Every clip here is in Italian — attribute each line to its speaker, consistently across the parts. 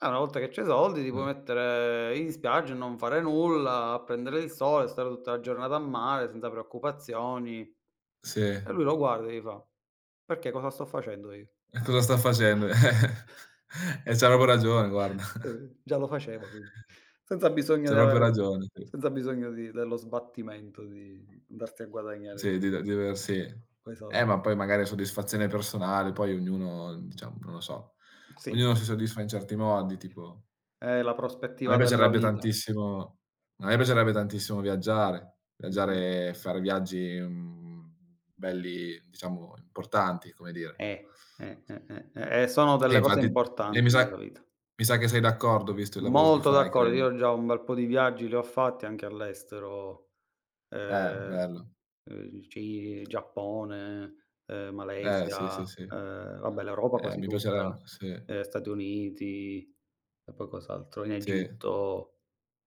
Speaker 1: Eh, una volta che c'hai i soldi ti puoi
Speaker 2: Mh.
Speaker 1: mettere in spiaggia e non fare nulla, a prendere il sole, stare tutta la giornata a mare senza preoccupazioni. E
Speaker 2: Sì.
Speaker 1: lui lo guarda e gli fa: "Perché, cosa sto facendo io?"
Speaker 2: E cosa sta facendo. Eh, e c'ha proprio ragione guarda.
Speaker 1: Eh. Già lo faceva, quindi. Senza bisogno
Speaker 2: C'ha
Speaker 1: di
Speaker 2: proprio
Speaker 1: avere
Speaker 2: ragione, sì.
Speaker 1: senza bisogno di dello sbattimento di andarsi a guadagnare
Speaker 2: Sì, di d diversi
Speaker 1: quei
Speaker 2: eh,
Speaker 1: soldi.
Speaker 2: ma poi magari soddisfazione personale, poi ognuno diciamo, non lo so,
Speaker 1: Mh, sì,
Speaker 2: ognuno si
Speaker 1: [unintelligible]
Speaker 2: soddisfa in certi modi, tipo
Speaker 1: Eh, la
Speaker 2: a me
Speaker 1: prospettiva della
Speaker 2: piacerebbe
Speaker 1: vita.
Speaker 2: tantissimo a me piacerebbe tantissimo viaggiare,
Speaker 1: Mh-mh.
Speaker 2: viaggiare fare viaggi, mhmm, belli, diciamo importanti, come dire.
Speaker 1: Eh, eh, eh, eh, eh. E sono
Speaker 2: E
Speaker 1: delle cose
Speaker 2: infatti e mi
Speaker 1: importanti
Speaker 2: sa
Speaker 1: nella vita.
Speaker 2: mi sa che sei d'accordo visto il lavoro che
Speaker 1: Molto
Speaker 2: fai,
Speaker 1: d'accordo.
Speaker 2: credo.
Speaker 1: Io già un bel po' di viaggi li ho fatti anche all'estero.
Speaker 2: Eh,
Speaker 1: Ehm,
Speaker 2: bello.
Speaker 1: uhm, il Ci Giappone, uhm,
Speaker 2: Eh, sì,
Speaker 1: Malesia,
Speaker 2: sì, sì.
Speaker 1: uhm, vabbè l'Europa
Speaker 2: Eh,
Speaker 1: quasi
Speaker 2: mi piacerebbe,
Speaker 1: tutta.
Speaker 2: sì.
Speaker 1: Ehm, Stati Uniti, e poi cos'altro, in
Speaker 2: Sì.
Speaker 1: Egitto,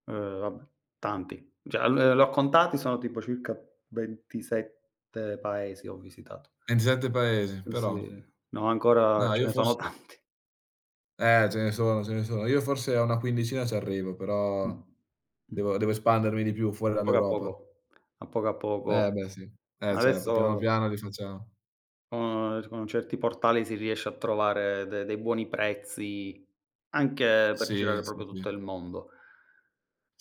Speaker 1: uhm, vabbè, tanti. Cioè, ehm, l li ho contati, sono tipo circa 27 paesi ho visitato.
Speaker 2: 27 paesi,
Speaker 1: Eh, sì.
Speaker 2: però.
Speaker 1: No, ancora
Speaker 2: Ma,
Speaker 1: ce
Speaker 2: io
Speaker 1: ne
Speaker 2: fors
Speaker 1: sono tanti.
Speaker 2: Eh, ce ne sono, ce ne sono. Io forse a una quindicina c'arrivo,
Speaker 1: Mh.
Speaker 2: però
Speaker 1: Mh.
Speaker 2: devo devo espandermi di più fuori
Speaker 1: Poco a
Speaker 2: dall'Europa.
Speaker 1: poco. A poco a
Speaker 2: Eh,
Speaker 1: poco.
Speaker 2: beh, sì. Eh, certo, piano
Speaker 1: Adesso
Speaker 2: piano li facciamo.
Speaker 1: uhm, s con certi portali si riesce a trovare de dei buoni prezzi anche per
Speaker 2: Sì,
Speaker 1: girare
Speaker 2: sì,
Speaker 1: proprio
Speaker 2: sì.
Speaker 1: tutto il mondo.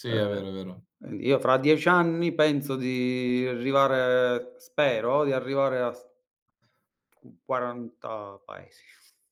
Speaker 2: Sì, è
Speaker 1: Eh,
Speaker 2: vero, è vero.
Speaker 1: ehm, io fra 10 anni penso di arrivare spero di arrivare a s qu quaranta paesi.